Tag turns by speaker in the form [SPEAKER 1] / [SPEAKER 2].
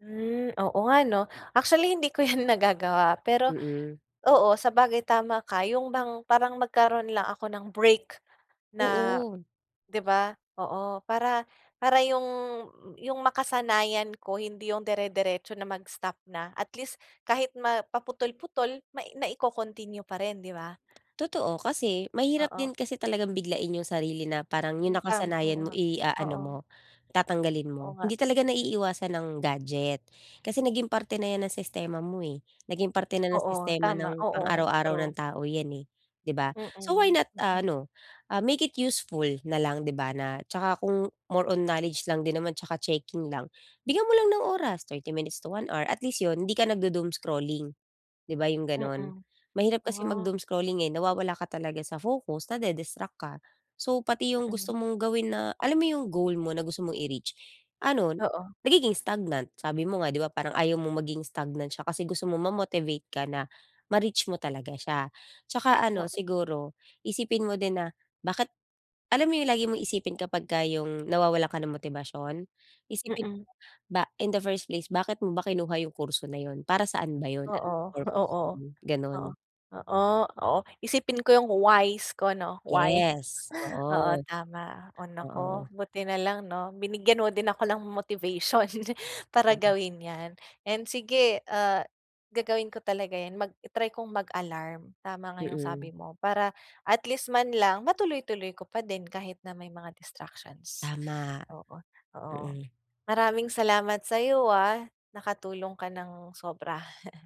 [SPEAKER 1] Hmm. Oo nga 'no, actually hindi ko yan nagagawa. Pero
[SPEAKER 2] Mm.
[SPEAKER 1] oo sabagay tama ka yung bang parang magkaroon lang ako ng break na,
[SPEAKER 2] Oo.
[SPEAKER 1] 'di ba, oo. Para para yung yung makasanayan ko hindi yung dere-deretso na mag stop na at least kahit ma paputol-putol na ico-continue pa rin 'di ba?
[SPEAKER 2] Totoo, kasi mahirap
[SPEAKER 1] Oo.
[SPEAKER 2] din kasi talagang biglain yung sarili na parang yung
[SPEAKER 1] Utang oo
[SPEAKER 2] nakasanayan mo
[SPEAKER 1] nga,
[SPEAKER 2] i-aano
[SPEAKER 1] oo.
[SPEAKER 2] mo, tatanggalin
[SPEAKER 1] Oo
[SPEAKER 2] mo.
[SPEAKER 1] nga.
[SPEAKER 2] Hindi talaga naiiiwasan ang gadget kasi naging parte na yan ng sistema mo eh, naging parte na ng
[SPEAKER 1] Oo
[SPEAKER 2] sistema
[SPEAKER 1] tama,
[SPEAKER 2] ng pang
[SPEAKER 1] oo,
[SPEAKER 2] araw-araw ng
[SPEAKER 1] true.
[SPEAKER 2] tao yan eh, 'di ba?
[SPEAKER 1] Mm,
[SPEAKER 2] So why not
[SPEAKER 1] mm.
[SPEAKER 2] ah, ano, ah, make it useful nalang 'di ba? Na at saka kung more on knowledge lang din naman at saka checking lang. Bigyan mo lang ng oras 30 minutes to 1 hour at least yun 'di ka nagdo-doomscrolling 'di ba yung ganun?
[SPEAKER 1] Mm,
[SPEAKER 2] Mahirap kasi
[SPEAKER 1] ah.
[SPEAKER 2] mag-doomscrolling eh, nawawala ka talaga sa focus nade-distract ka. So pati yung gusto
[SPEAKER 1] Mm.
[SPEAKER 2] mong gawin na alam mo yung goal mo na gusto mo i-reach, ano,
[SPEAKER 1] Oo.
[SPEAKER 2] nagiging stagnant. Sabi mo nga 'di ba parang ayaw mong maging stagnant siya kasi gusto mong ma-motivate ka na ma-reach mo talaga siya. At saka ano
[SPEAKER 1] Oo.
[SPEAKER 2] siguro, isipin mo din na bakit alam mo yung lagi mong isipin kapagka yung nawawalan ka ng motibasyon, isipin mo
[SPEAKER 1] Mm.
[SPEAKER 2] ba in the first place bakit mo ba kinuha yung kurso na yun? Para saan ba yun? Anong
[SPEAKER 1] Oo,
[SPEAKER 2] purpose
[SPEAKER 1] oo,
[SPEAKER 2] nun?
[SPEAKER 1] oo,
[SPEAKER 2] Ganun.
[SPEAKER 1] oo, oo isipin ko yung why's ko 'no why,
[SPEAKER 2] Yes,
[SPEAKER 1] oo
[SPEAKER 2] oo.
[SPEAKER 1] tama o
[SPEAKER 2] Oo.
[SPEAKER 1] naku, buti na lang 'no, binigyan mo din ako ng motivation para gawin yan and sige, ah, gagawin ko talaga yan mag i-try kong mag-alarm. Tama nga yung
[SPEAKER 2] Mm.
[SPEAKER 1] sabi mo para at least man lang matuloy-tuloy ko pa din kahit na may mga distractions.
[SPEAKER 2] Tama.
[SPEAKER 1] Oo, oo
[SPEAKER 2] Mm.
[SPEAKER 1] maraming salamat sa'yo ah, nakatulong ka ng sobra.